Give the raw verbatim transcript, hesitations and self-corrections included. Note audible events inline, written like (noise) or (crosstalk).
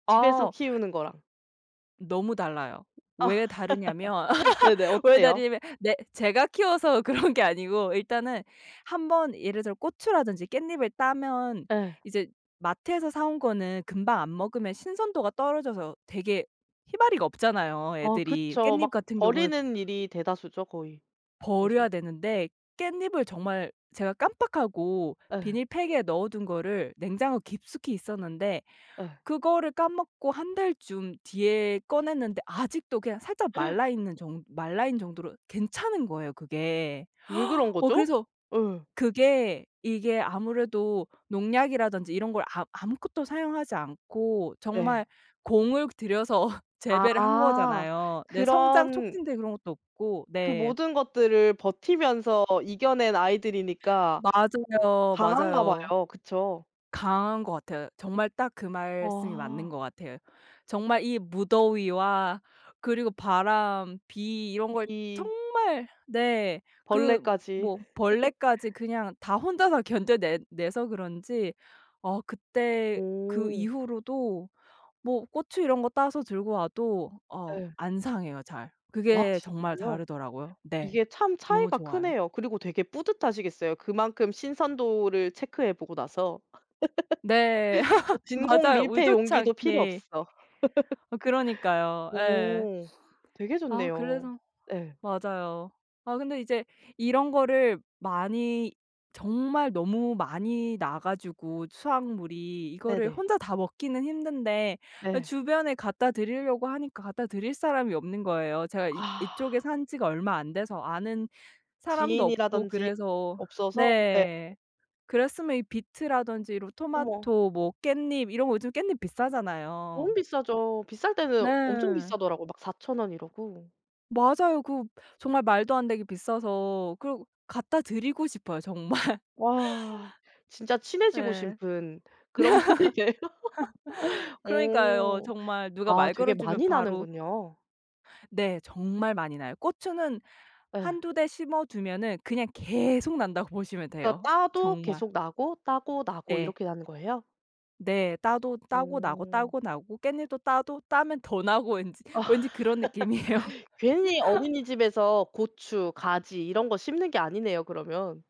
집에서 어. 키우는 거랑. 너무 달라요. 왜 다르냐면 (laughs) 네네. (laughs) 왜 어때요? 다르냐면 네 제가 키워서 그런 게 아니고 일단은 한 번 예를 들어 고추라든지 깻잎을 따면 예. 이제 마트에서 사 온 거는 금방 안 먹으면 신선도가 떨어져서 되게 힘아리가 없잖아요, 어 애들이. 그쵸. 깻잎 막 같은 경우에 버리는 일이 대다수죠 거의 그래서. 버려야 되는데 깻잎을 정말 제가 깜빡하고 예. 비닐팩에 넣어 둔 거를 냉장고 깊숙이 있었는데 예. 그거를 까먹고 한 달쯤 뒤에 꺼냈는데 아직도 그냥 살짝 (gasps) 말라있는 정 말라있는 정도로 괜찮은 거예요, 그게. 왜 그런 (gasps) 어 거죠? 그래서 예. 그게 이게 아무래도 농약이라든지 이런 걸 아 아무것도 사용하지 않고 정말 네. 공을 들여서 재배를 한 아 거잖아요. 네. 성장 그런 촉진제 그런 것도 없고. 그 네. 모든 것들을 버티면서 이겨낸 아이들이니까 맞아요. 강한가 맞아요. 봐요, 그쵸? 강한 것 같아요. 정말 딱 그 말씀이 맞는 아. 것 같아요. 정말 이 무더위와 그리고 바람, 비 이런 걸 이 정말 네. 그 벌레까지. 뭐 (laughs) 벌레까지 그냥 다 혼자서 견뎌내 내서 그런지 어 그때 그 오. 이후로도 뭐 고추 이런 거 따서 들고 와도 어 예. 안 상해요 잘. 아 그게 정말 진짜요? 다르더라고요. 네. 이게 참 너무 차이가 좋아요. 크네요. 그리고 되게 뿌듯하시겠어요. 그만큼 신선도를 체크해 보고 나서 네. (laughs) 어 (laughs) 진공 맞아요. 밀폐 의도치 용기도 필요 않게. 없어. (laughs) 그러니까요. 예. 오 되게 아 좋네요. 그래서 예. 맞아요. 아 근데 이제 이런 거를 많이 정말 너무 많이 나 가지고 수확물이 이거를 네네. 혼자 다 먹기는 힘든데 예 예. 주변에 갖다 드리려고 하니까 갖다 드릴 사람이 없는 거예요. 제가 이 아. 이쪽에 산 지가 얼마 안 돼서 아는 사람도 없고 지인이라든지 그래서 없어서 네. 네. 그랬으면 이 비트라든지 이런 어머. 토마토 뭐 깻잎 이런 거 요즘 깻잎 너무 비싸잖아요. 비싸죠. 비쌀 네. 때는 엄청 비싸더라고요. 막 사천 원 이러고. 맞아요. 그 정말 말도 안 되게 비싸서 그러고 갖다 드리고 싶어요 정말. 와 진짜 친해지고 예. 싶은 그런 분이네요. (laughs) (laughs) 그러니까요. 오. 정말 누가 아 말 걸어 되게 주면 많이 바로 나는군요. 네. 정말 많이 나요. 고추는 예. 한두 대 심어 두면은 그냥 계속 난다고 보시면 그러니까 돼요, 따도 정말. 계속 나고 따고 나고 네. 이렇게 나는 거예요? 네. 따도 따고 나고 오. 따고 나고 깻잎도 따도 따면 더 나고 왠지 왠지 그런 느낌이에요. (laughs) 괜히 (laughs) 어린이집에서 고추, 가지 이런 거 심는 게 아니네요 그러면.